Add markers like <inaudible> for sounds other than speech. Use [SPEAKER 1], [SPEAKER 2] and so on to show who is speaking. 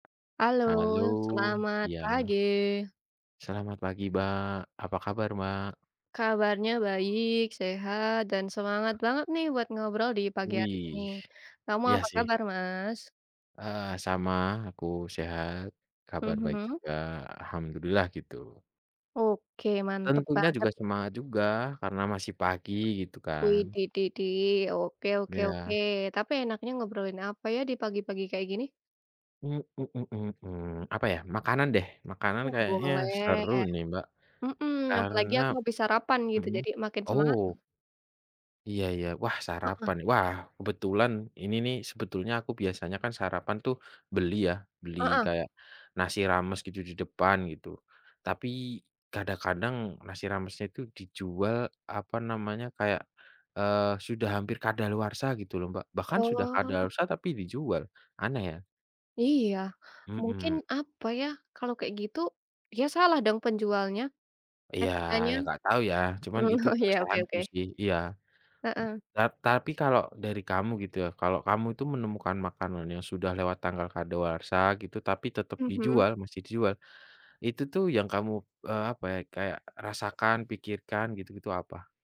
[SPEAKER 1] Halo,
[SPEAKER 2] Halo,
[SPEAKER 1] selamat
[SPEAKER 2] iya.
[SPEAKER 1] pagi.
[SPEAKER 2] Selamat pagi Mbak, apa kabar Mbak?
[SPEAKER 1] Kabarnya baik, sehat, dan semangat banget, nih, buat ngobrol di pagi hari ini.
[SPEAKER 2] Wih,
[SPEAKER 1] Kamu
[SPEAKER 2] iya,
[SPEAKER 1] apa
[SPEAKER 2] sih.
[SPEAKER 1] kabar Mas?
[SPEAKER 2] Eee, sama, aku sehat, kabar baik
[SPEAKER 1] Mhm.
[SPEAKER 2] juga, Alhamdulillah gitu.
[SPEAKER 1] Oke, mantap
[SPEAKER 2] Tentunya juga
[SPEAKER 1] banget.
[SPEAKER 2] semangat juga karena masih pagi gitu kan.
[SPEAKER 1] Widih, dih dih, oke oke oke,
[SPEAKER 2] Iya.
[SPEAKER 1] tapi enaknya ngobrolin apa, ya, di pagi-pagi kayak gini?
[SPEAKER 2] <humming> Apa, ya? Makanan, deh, makanan
[SPEAKER 1] Wah,
[SPEAKER 2] kayaknya
[SPEAKER 1] boleh,
[SPEAKER 2] seru, nih, Mbak,
[SPEAKER 1] mhm, apalagi
[SPEAKER 2] karena
[SPEAKER 1] aku habis sarapan gitu
[SPEAKER 2] mhm,
[SPEAKER 1] jadi makin semangat.
[SPEAKER 2] oh. Iya, ya, wah,
[SPEAKER 1] Heeh.
[SPEAKER 2] sarapan wah, kebetulan ini nih sebetulnya aku biasanya, kan, sarapan, tuh, beli, ya, beli
[SPEAKER 1] Heeh.
[SPEAKER 2] kayak nasi rames gitu di depan gitu. Tapi, kadang-kadang nasi ramesnya itu dijual apa namanya kayak, eee, sudah hampir kadaluarsa gitu loh Mbak, bahkan sudah
[SPEAKER 1] Oh.
[SPEAKER 2] kadaluarsa tapi dijual, aneh, ya.
[SPEAKER 1] Iya, mungkin
[SPEAKER 2] Mhm.
[SPEAKER 1] apa, ya, kalau kayak gitu, ya, salah dong penjualnya,
[SPEAKER 2] Iya,
[SPEAKER 1] etikanya.
[SPEAKER 2] ya, nggak tahu, ya, cuman
[SPEAKER 1] Mmm,
[SPEAKER 2] itu
[SPEAKER 1] oh, iya, oke
[SPEAKER 2] kesalahan ku,
[SPEAKER 1] oke.
[SPEAKER 2] sih, iya.
[SPEAKER 1] Heeh.
[SPEAKER 2] Ta tapi kalau dari kamu gitu, ya, kalau kamu itu menemukan makanan yang sudah lewat tanggal kadaluarsa gitu tapi tetap
[SPEAKER 1] Mhm.
[SPEAKER 2] dijual masih dijual, itu, tuh, yang kamu, eee, apa, ya, kayak rasakan, pikirkan, gitu-gitu apa?